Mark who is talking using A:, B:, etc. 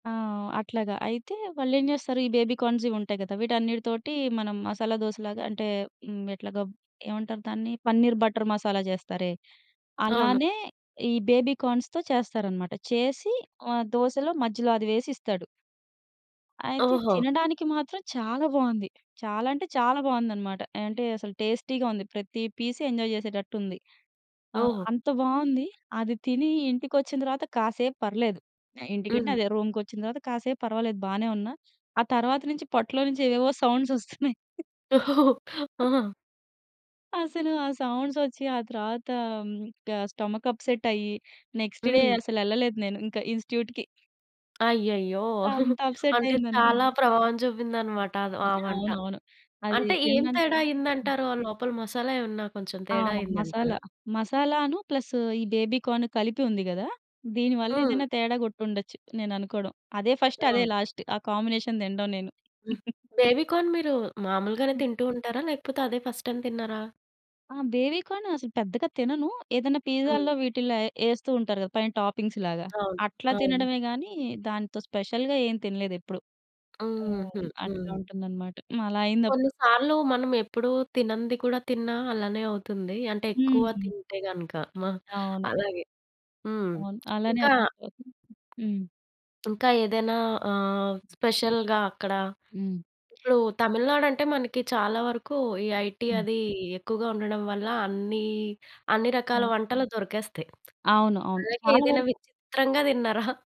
A: ఆ! అట్లాగా. అయితే, వాళ్ళేం జేస్తారు, ఈ బేబీ కార్న్‌సివుంటాయి గదా! వీటన్నిటితోటి మనం మసాలా దోసలాగా అంటే, "హ్మ్, ఎట్లాగ, ఏవంటారు దాన్ని?" పన్నీర్ బటర్ మసాలా చేస్తారే,
B: అవును.
A: అలానే ఈ బేబీ కార్న్స్‌తో చేస్తారనమాట. చేసి ఆహ్, దోసలో మధ్యలో అది వేసిస్తాడు. అయితే
B: ఓహో!
A: తినడానికి మాత్రం చాలా బావుంది. చాలా అంటే చాలా బావుందనమాట. ఆహ్, అంటే, అసలు టేస్టీగా ఉంది. ప్రతీ పీస్ ఎంజాయ్ చేసేటట్టుంది. ఆహ్,
B: ఓహో!
A: అంత బావుంది. అది తినీ ఇంటికొచ్చిన తర్వాత కాసేపు పర్లేదు. ఇంటికంటే
B: హ్మ్.
A: అదే రూమ్‌కొచ్చిన తర్వాత కాసేపు పర్వాలేదు బానే ఉన్నా. ఆ తర్వాత నించి పొట్లో నించి ఏవేవో సౌండ్సొస్తున్నయి.
B: ఆహాహా!
A: అసలు ఆ సౌండ్సొచ్చి, ఆ తర్వాతా క స్టొమక్ అప్సట్టయ్యి, నెక్స్‌ట్ డే
B: హ్మ్.
A: అసలెళ్ళలేదు నేను ఇంక ఇన్‌స్ట్యూట్‌కి.
B: అయ్యయ్యో! అంటే, చాలా
A: అంతప్సట్టయిందనుకోండి.
B: ప్రభావం చూపిందనమాట. అదు
A: హ్మ్.
B: ఆ వంట.
A: అవునవును. అదీ
B: అంటే, ఏం
A: తిండానికి.
B: తేడా
A: హ్మ్.
B: అయ్యిందంటారు? ఆ లోపల మసాలా ఏవన్నా కొంచెం
A: ఆ!
B: తేడా
A: మసాలా.
B: అయిందంటారా?
A: మసాలా అనూ ప్లస్ ఈ బేబీ కార్న్ కలిపి ఉంది గదా! దీని వల్ల
B: హ్మ్.
A: ఏదన్నా తేడా గొట్టుండచ్చు, నేననుకోడం. అదే ఫస్ట్, అదే
B: ఆ!
A: లాస్ట్. ఆ కాంబినేషన్ తిండం నేను.
B: బేబీ కార్న్ మీరూ మాములుగానే
A: హ్మ్.
B: తింటూ ఉంటారా? లేకపోతే, అదే ఫస్ట్ టైమ్ తిన్నారా?
A: ఆ! బేబీ కాను అసలు పెద్దగా తినను. ఏదన్నా పీజాల్లో,
B: హ్మ్.
A: వీటిల్లో ఎ యేస్తూ ఉంటారు గదా పైన టాపింగ్స్‌లాగా.
B: అవును.
A: అట్లా
B: అవును.
A: తినడమే గానీ, దాంతో స్పెషల్‌గా ఏం తినలేదెప్పుడూ.
B: హ్మ్. హుహు.
A: హ్మ్. అట్లా
B: హ్మ్.
A: ఉంటుందనమాట. హ్మ్. అలా
B: కొన్ని
A: అయిందప్పుడు.
B: సార్లూ మనమెప్పుడూ తినంది కూడా తిన్నా అలానే అవుతుందీ. అంటే, ఎక్కువ
A: హ్మ్.
B: తింటే గనక. మ
A: అవును.
B: అలాగే హ్మ్.
A: అవును. అలానే
B: ఇంకా
A: అప్సెట్టవుతుంది. హ్మ్.
B: ఇంకా ఏదైనా ఆహ్, స్పెషల్‌గా అక్కడా
A: హ్మ్.
B: ఇప్పుడూ తమిళనాడంటే మనకి చాలా వరకూ ఈ ఐటీ
A: హ్మ్.
B: అదీ ఎక్కువగా ఉండడం వల్ల అన్నీ, అన్ని రకాల
A: ఆ!
B: వంటలు దొరికేస్తయి.
A: అవును. అవును.
B: అలాగే
A: చాలా
B: ఏదైనా
A: వరుకు
B: విచిత్రంగా దిన్నారా?